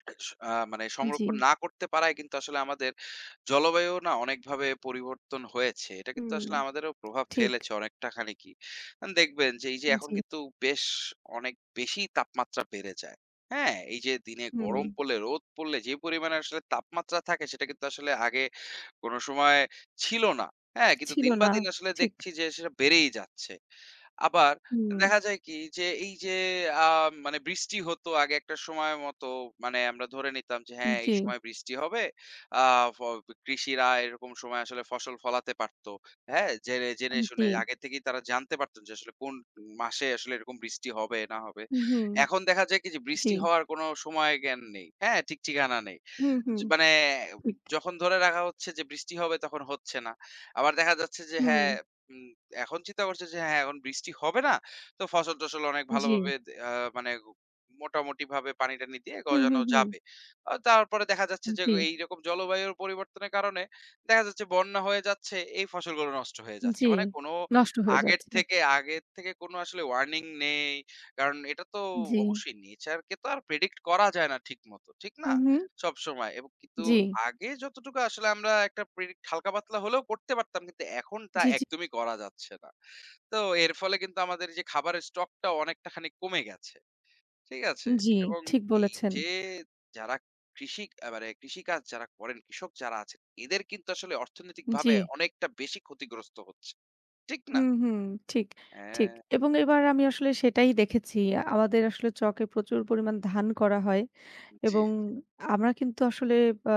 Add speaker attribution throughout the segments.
Speaker 1: আ মানে
Speaker 2: এ জি।
Speaker 1: সংরক্ষণ না করতে পারায় কিন্তু আসলে আমাদের জলবায়ুও না অনেকভাবে পরিবর্তন হয়েছে। এটা কিন্তু
Speaker 2: হুম,
Speaker 1: আসলে আমাদেরও প্রভাব
Speaker 2: ঠিক।
Speaker 1: ফেলেছে অনেকটা খানিকই। আন দেখবেন যে, এই যে
Speaker 2: উ
Speaker 1: এখন
Speaker 2: জি।
Speaker 1: কিন্তু বেশ অনেক বেশিই তাপমাত্রা বেড়ে যায়। হ্যাঁ? এই যে দিনে গরম
Speaker 2: হুম।
Speaker 1: পড়লে, রোদ পড়লে যে পরিমাণে আসলে তাপমাত্রা থাকে সেটা কিন্তু আসলে আগে কোনো সময় ছিল না। হ্যাঁ? কিন্তু
Speaker 2: ছিল
Speaker 1: দিন বা
Speaker 2: না
Speaker 1: দিন আসলে
Speaker 2: ঠিক।
Speaker 1: দেখছি যে সেটা বেড়েই যাচ্ছে। আবার এ
Speaker 2: হুম।
Speaker 1: দেখা যায় কি যে, এই যে আ মানে বৃষ্টি হতো আগে একটা সময় মতো, মানে আমরা ধরে নিতাম যে হ্যাঁ, এই
Speaker 2: জি।
Speaker 1: সময় বৃষ্টি হবে। আ ফগ কৃষিরা এরকম সময় আসলে ফসল ফলাতে পারত। হ্যাঁ? যেরে জেনে
Speaker 2: আম
Speaker 1: শুনে
Speaker 2: জি।
Speaker 1: আগে থেকেই তারা জানতে পারতো যে আসলে কোনো মাসে আসলে এরকম বৃষ্টি হবে, না হবে।
Speaker 2: হুম, হুম।
Speaker 1: এখন দেখা যায় কি, যে
Speaker 2: জি।
Speaker 1: বৃষ্টি হওয়ার কোনো সময় জ্ঞান নেই। হ্যাঁ? ঠিক ঠিকানা নেই।
Speaker 2: হুম, হুম
Speaker 1: য মানে অব
Speaker 2: ঠিক।
Speaker 1: যখন ধরে রাখা হচ্ছে যে বৃষ্টি হবে, তখন হচ্ছে না। আবার দেখা যাচ্ছে যে হ্যাঁ,
Speaker 2: হুম।
Speaker 1: হুম, এখন চিন্তা করছে যে হ্যাঁ, এখন বৃষ্টি হবে না। তো ফসল-টসল অনেক ভালোভাবে
Speaker 2: জি।
Speaker 1: দে আ মানে মোটামুটিভাবে পানি-টানি দিয়ে
Speaker 2: হুম,
Speaker 1: গজানো
Speaker 2: হুম, হুম।
Speaker 1: যাবে। অ তারপরে দেখা যাচ্ছে যে, গ
Speaker 2: জি।
Speaker 1: এইরকম জলবায়ুর পরিবর্তনের কারণে, দেখা যাচ্ছে বন্যা হয়ে যাচ্ছে, এই ফসলগুলো নষ্ট হয়ে যাচ্ছে।
Speaker 2: জি,
Speaker 1: মানে কোনো
Speaker 2: নষ্ট হয়ে
Speaker 1: আগের
Speaker 2: যাচ্ছে।
Speaker 1: থেকে আগের থেকে কোনো আসলে Warning নেই। কারণ এটা তো
Speaker 2: জি।
Speaker 1: অবশ্যই nature কে তো আর predict করা যায় না ঠিক মতো। ঠিক না?
Speaker 2: হুম, হুম।
Speaker 1: সবসময়। এবং কিন্তু
Speaker 2: জি।
Speaker 1: আগে যতটুকু আসলে আমরা একটা predict হালকা পাতলা হলেও করতে পারতাম, কিন্তু এখন তা
Speaker 2: জি, জি।
Speaker 1: একদমই করা যাচ্ছে না। তো এর ফলে কিন্তু আমাদের যে খাবারের stock টা অনেকটাখানিক কমে গেছে। ঠিক আছে?
Speaker 2: জি,
Speaker 1: এবং
Speaker 2: ঠিক
Speaker 1: এই
Speaker 2: বলেছেন।
Speaker 1: যে যারা কৃষি অ্যা মানে কৃষিকাজ যারা করেন, কৃষক যারা আছেন; এদের কিন্তু আসলে অর্থনৈতিকভাবে
Speaker 2: জি।
Speaker 1: অনেকটা বেশি ক্ষতিগ্রস্ত হচ্ছে। ঠিক না?
Speaker 2: হুম, হুম, ঠিক, ঠিক।
Speaker 1: হ্যাঁ।
Speaker 2: এবং এবার আমি আসলে সেটাই দেখেছি।
Speaker 1: উ
Speaker 2: আমাদের
Speaker 1: হু।
Speaker 2: আসলে চকে প্রচুর পরিমাণ ধান করা হয়।
Speaker 1: জি, জি।
Speaker 2: এবং আমরা কিন্তু আসলে ব্যা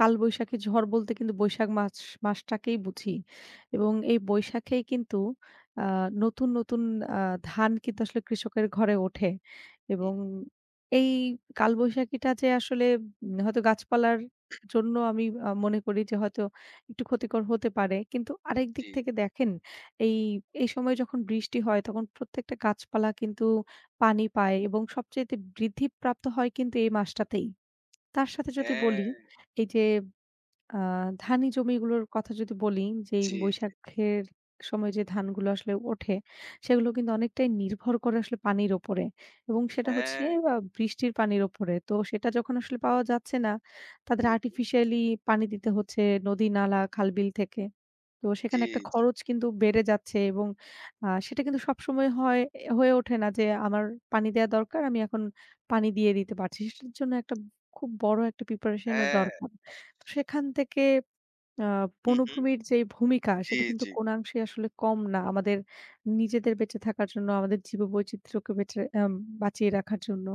Speaker 2: কালবৈশাখী ঝড় বলতে কিন্তু বৈশাখ মাছ মাস টাকেই বুঝি। এবং এই বৈশাখেই কিন্তু আ নতুন, নতুন আ ধান কিন্তু আসলে কৃষকের ঘরে ওঠে।
Speaker 1: হুম।
Speaker 2: এবং এই কালবৈশাখীটা যে আসলে ব হয়তো গাছপালার জন্য আমি আ মনে করি যে হয়তো একটু ক্ষতিকর হতে পারে। কিন্তু আরেকদিক
Speaker 1: জি।
Speaker 2: থেকে দেখেন এই, এই সময় যখন বৃষ্টি হয় তখন প্রত্যেকটা গাছপালা কিন্তু পানি পায় এবং সবচাইতে বৃদ্ধিপ্রাপ্ত হয় কিন্তু এ মাসটাতেই। তার সাথে যদি বলি
Speaker 1: হ্যাঁ।
Speaker 2: এই যে আ ধানি জমিগুলোর কথা যদি বলি যেই
Speaker 1: জি, জি।
Speaker 2: বৈশাখের সময় যে ধানগুলো আসলে ওঠে, সেগুলো কিন্তু অনেকটাই নির্ভর করে আসলে পানির উপরে। এবং সেটা হচ্ছে
Speaker 1: হ্যাঁ।
Speaker 2: আ বৃষ্টির পানির উপরে। তো সেটা যখন আসলে পাওয়া যাচ্ছে না, তাদের
Speaker 1: হুম, হুম।
Speaker 2: Artificially পানি দিতে হচ্ছে নদী-নালা, খাল-বিল থেকে। তো
Speaker 1: জি,
Speaker 2: সেখানে একটা
Speaker 1: জি।
Speaker 2: খরচ কিন্তু বেড়ে যাচ্ছে এবং আ সেটা কিন্তু সবসময় হয় এ্যা হয়ে ওঠে না যে, "আমার পানি দেয়া দরকার। আমি এখন পানি দিয়ে দিতে পারছি।" সেটার জন্য একটা ব খুব বড় একটা preparation ও
Speaker 1: হ্যাঁ।
Speaker 2: দরকার। তো সেখান থেকে আ
Speaker 1: হুম, হুম।
Speaker 2: বনভূমির যেই ভূমিকা,
Speaker 1: জি,
Speaker 2: সেটা কিন্তু
Speaker 1: জি।
Speaker 2: কোনো অংশেই আসলে কম না। আমাদের নিজেদের বেঁচে থাকার জন্য, আমাদের জীব-বৈচিত্রকে বেঁচে আম বাঁচিয়ে রাখার জন্য।